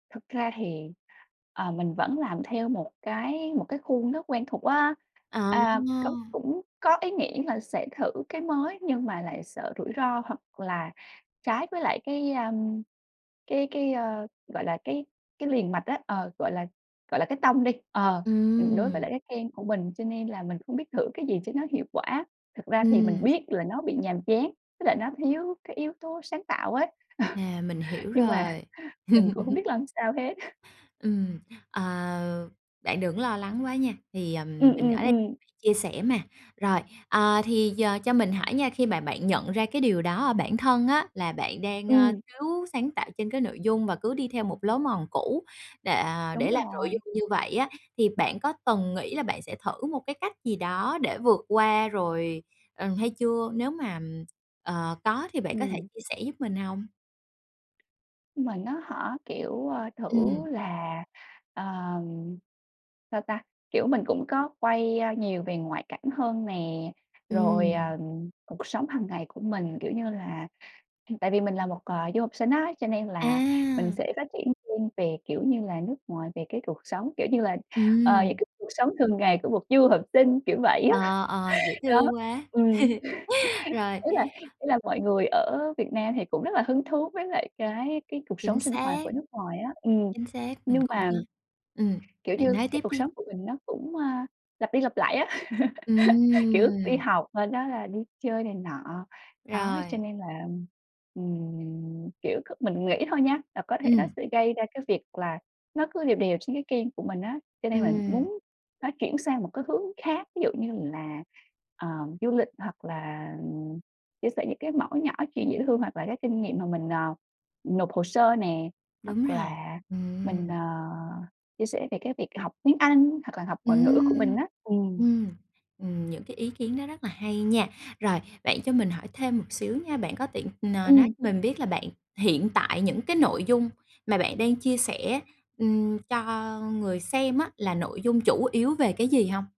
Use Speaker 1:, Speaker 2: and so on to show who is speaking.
Speaker 1: Thực ra thì, ờ, mình vẫn làm theo một cái một cái khuôn rất quen thuộc á.
Speaker 2: À.
Speaker 1: A, có cũng có ý nghĩ là sẽ thử cái mới nhưng mà lại sợ rủi ro hoặc là trái với lại cái, a, cái cái, ơ, gọi là, cái cái liền mạch á ờ, gọi là, gọi là, cái tông đi, ờ, ừm, đối với
Speaker 2: Ừm.
Speaker 1: lại cái kênh của mình cho nên là mình hông biết thử cái gì cho nó hiệu quả. Thực ra thì mình
Speaker 2: Ừm.
Speaker 1: biết là nó bị nhàm chán, với lại nó thiếu cái yếu tố sáng tạo ấy,
Speaker 2: À, mình hiểu
Speaker 1: nhưng mà
Speaker 2: rồi.
Speaker 1: mình cũng hông biết làm sao hết.
Speaker 2: Ừm, à, bạn đừng có lo lắng quá nha, thì, ờ,
Speaker 1: Ừm,
Speaker 2: mình ở
Speaker 1: ừm,
Speaker 2: đây
Speaker 1: ừm.
Speaker 2: chia sẻ mà. Rồi, ờ, thì giờ cho mình hỏi nha, khi mà bạn nhận ra cái điều đó ở bản thân á là bạn đang, a,
Speaker 1: Ừm.
Speaker 2: thiếu sáng tạo trên cái nội dung và cứ đi theo một lối mòn cũ đệ, à,
Speaker 1: Đúng
Speaker 2: để làm nội
Speaker 1: rồi.
Speaker 2: dung như vậy á, thì bạn có từng nghĩ là bạn sẽ thử một cái cách gì đó để vượt qua rồi, ờ, hay chưa? Nếu mà, ờ, có thì bạn có thể
Speaker 1: Ừm.
Speaker 2: chia sẻ giúp mình hông?
Speaker 1: Nhưng mà nó hả, kiểu, ơ, thử
Speaker 2: Ừm.
Speaker 1: là, ờ, sao ta, kiểu, mình cũng có quay nhiều về ngoại cảnh hơn nè, rồi,
Speaker 2: Ừm.
Speaker 1: ờ, cuộc sống hàng ngày của mình, kiểu như là tại vì mình là một, à, du học sinh á cho nên là mình
Speaker 2: À.
Speaker 1: sẽ phát triển riêng về, kiểu như là, nước ngoài, về cái cuộc sống, kiểu như là, ờ,
Speaker 2: Ừm.
Speaker 1: những cái cuộc sống thường ngày của một du học sinh, kiểu vậy á,
Speaker 2: Ờ, ờ, dễ
Speaker 1: đó,
Speaker 2: thương quá.
Speaker 1: ừm.
Speaker 2: Rồi.
Speaker 1: Ý là ý là mọi người ở Việt Nam thì cũng rất là hứng thú với lại cái cái cuộc
Speaker 2: Chính
Speaker 1: sống sinh hoạt
Speaker 2: xác.
Speaker 1: của nước ngoài á ừm,
Speaker 2: Chính xác, mình
Speaker 1: nhưng
Speaker 2: cũng
Speaker 1: mà
Speaker 2: có ừm,
Speaker 1: kiểu
Speaker 2: bạn
Speaker 1: như
Speaker 2: nói
Speaker 1: cái
Speaker 2: tiếp
Speaker 1: cuộc
Speaker 2: đi.
Speaker 1: sống của mình nó cũng, a, lặp đi lặp lại á. Kiểu, đi
Speaker 2: Ừm.
Speaker 1: học, sau đó là đi chơi này nọ, đó, cho
Speaker 2: Rồi.
Speaker 1: nên là, ừm, kiểu, cứ mình nghĩ thôi nha, là có thể nó
Speaker 2: Ừm.
Speaker 1: sẽ gây ra cái việc là nó cứ đều đều trên cái kênh của mình á, cho nên là
Speaker 2: Ừm.
Speaker 1: muốn nó chuyển sang một cái hướng khác, ví dụ như là, ờ, du lịch hoặc là chia sẻ những cái mẩu nhỏ chuyện dễ thương, hoặc là cái kinh nghiệm mà mình, ờ, nộp hồ sơ nè,
Speaker 2: Đúng
Speaker 1: hoặc
Speaker 2: rồi.
Speaker 1: là mình,
Speaker 2: Ừm.
Speaker 1: à, chia sẻ về cái việc học tiếng Anh, hoặc là học ngoại ngữ của mình
Speaker 2: Ừm,
Speaker 1: á, ừm.
Speaker 2: ừm, ừm, những cái ý kiến đó rất là hay nha. Rồi, bạn cho mình hỏi thêm một xíu nha, bạn có tiện, ờ, nói
Speaker 1: Ừm.
Speaker 2: cho mình biết là bạn hiện tại những cái nội dung mà bạn đang chia sẻ, ừm, cho người xem á là nội dung chủ yếu về cái gì hông?